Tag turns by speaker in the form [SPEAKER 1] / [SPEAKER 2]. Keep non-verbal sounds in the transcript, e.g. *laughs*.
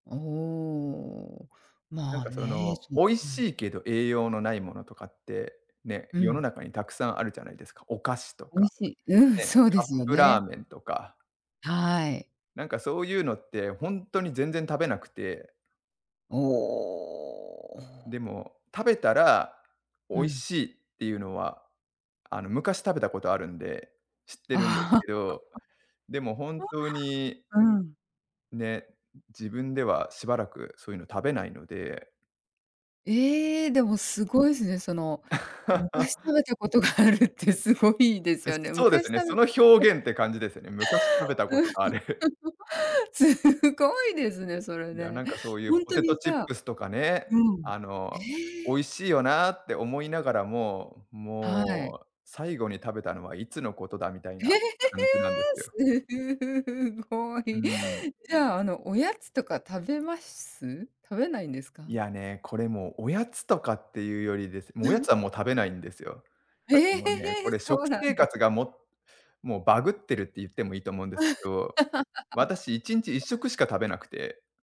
[SPEAKER 1] おお。
[SPEAKER 2] なん
[SPEAKER 1] まあ、
[SPEAKER 2] かそ
[SPEAKER 1] ね、
[SPEAKER 2] の、
[SPEAKER 1] そ
[SPEAKER 2] 美味
[SPEAKER 1] うん。
[SPEAKER 2] しいけど栄養のないものとかって、ね、
[SPEAKER 1] う
[SPEAKER 2] 世の
[SPEAKER 1] ん。
[SPEAKER 2] 中にたくさんあるじゃないですか、お菓子と
[SPEAKER 1] 美味
[SPEAKER 2] か、
[SPEAKER 1] しい、うん、
[SPEAKER 2] ね、
[SPEAKER 1] そうで
[SPEAKER 2] カッ
[SPEAKER 1] すよ
[SPEAKER 2] プラー
[SPEAKER 1] ね。
[SPEAKER 2] メンとか。
[SPEAKER 1] はい。
[SPEAKER 2] なんかそういうのって、ほんとに全然食べなくて
[SPEAKER 1] お
[SPEAKER 2] で
[SPEAKER 1] お。
[SPEAKER 2] も食べたら美
[SPEAKER 1] う
[SPEAKER 2] 味
[SPEAKER 1] ん。
[SPEAKER 2] しいっていうのは、あの、昔食べたことあるんで知っ
[SPEAKER 1] ああ。
[SPEAKER 2] てるんです
[SPEAKER 1] *laughs*
[SPEAKER 2] けど、でも本当に
[SPEAKER 1] お、わあ、うん。
[SPEAKER 2] ね、自分ではしばらくそういうの食べないので
[SPEAKER 1] ええ！でも、
[SPEAKER 2] ん。
[SPEAKER 1] すごいすね、その、昔食
[SPEAKER 2] *laughs*
[SPEAKER 1] べたことがあるってすごいです
[SPEAKER 2] で
[SPEAKER 1] よね。
[SPEAKER 2] そうです
[SPEAKER 1] 昔
[SPEAKER 2] ね、
[SPEAKER 1] 食
[SPEAKER 2] そ
[SPEAKER 1] べ
[SPEAKER 2] の表現って感じですよね、昔食べた
[SPEAKER 1] た
[SPEAKER 2] ことがある。*chuckles*
[SPEAKER 1] *laughs* す、すごいですね、それ
[SPEAKER 2] いや、
[SPEAKER 1] ね。
[SPEAKER 2] なんかそういう
[SPEAKER 1] ほん
[SPEAKER 2] ポ
[SPEAKER 1] と
[SPEAKER 2] テ
[SPEAKER 1] に
[SPEAKER 2] ト
[SPEAKER 1] じ
[SPEAKER 2] チッ
[SPEAKER 1] ゃあ
[SPEAKER 2] プスとかね、
[SPEAKER 1] うん。
[SPEAKER 2] あ
[SPEAKER 1] え
[SPEAKER 2] の、「美味
[SPEAKER 1] え？
[SPEAKER 2] しいよな」って思いながらも、
[SPEAKER 1] はい。
[SPEAKER 2] 「もう、最後に食べたのはいつのことだ？」みたい
[SPEAKER 1] へ
[SPEAKER 2] な
[SPEAKER 1] へ、へ、へ！
[SPEAKER 2] 感じなんです
[SPEAKER 1] す
[SPEAKER 2] よ。
[SPEAKER 1] ふふふご
[SPEAKER 2] うー
[SPEAKER 1] い！
[SPEAKER 2] ん。
[SPEAKER 1] じゃあ、あの、おやつとか食べましす？食べないんですか？
[SPEAKER 2] いや、ね、これもう、おやつとかっていうよりですもうおやつ
[SPEAKER 1] *laughs*
[SPEAKER 2] はもう食べないんですよ。
[SPEAKER 1] へ
[SPEAKER 2] た
[SPEAKER 1] え、
[SPEAKER 2] だもうね、
[SPEAKER 1] へ、
[SPEAKER 2] こ
[SPEAKER 1] へ、
[SPEAKER 2] れ
[SPEAKER 1] そ
[SPEAKER 2] 食
[SPEAKER 1] うな
[SPEAKER 2] 生
[SPEAKER 1] んです
[SPEAKER 2] 活が、ももうバグってるって言ってもいいと思うんですけど、私1日いっしょ
[SPEAKER 1] *laughs*
[SPEAKER 2] くしか食べなくて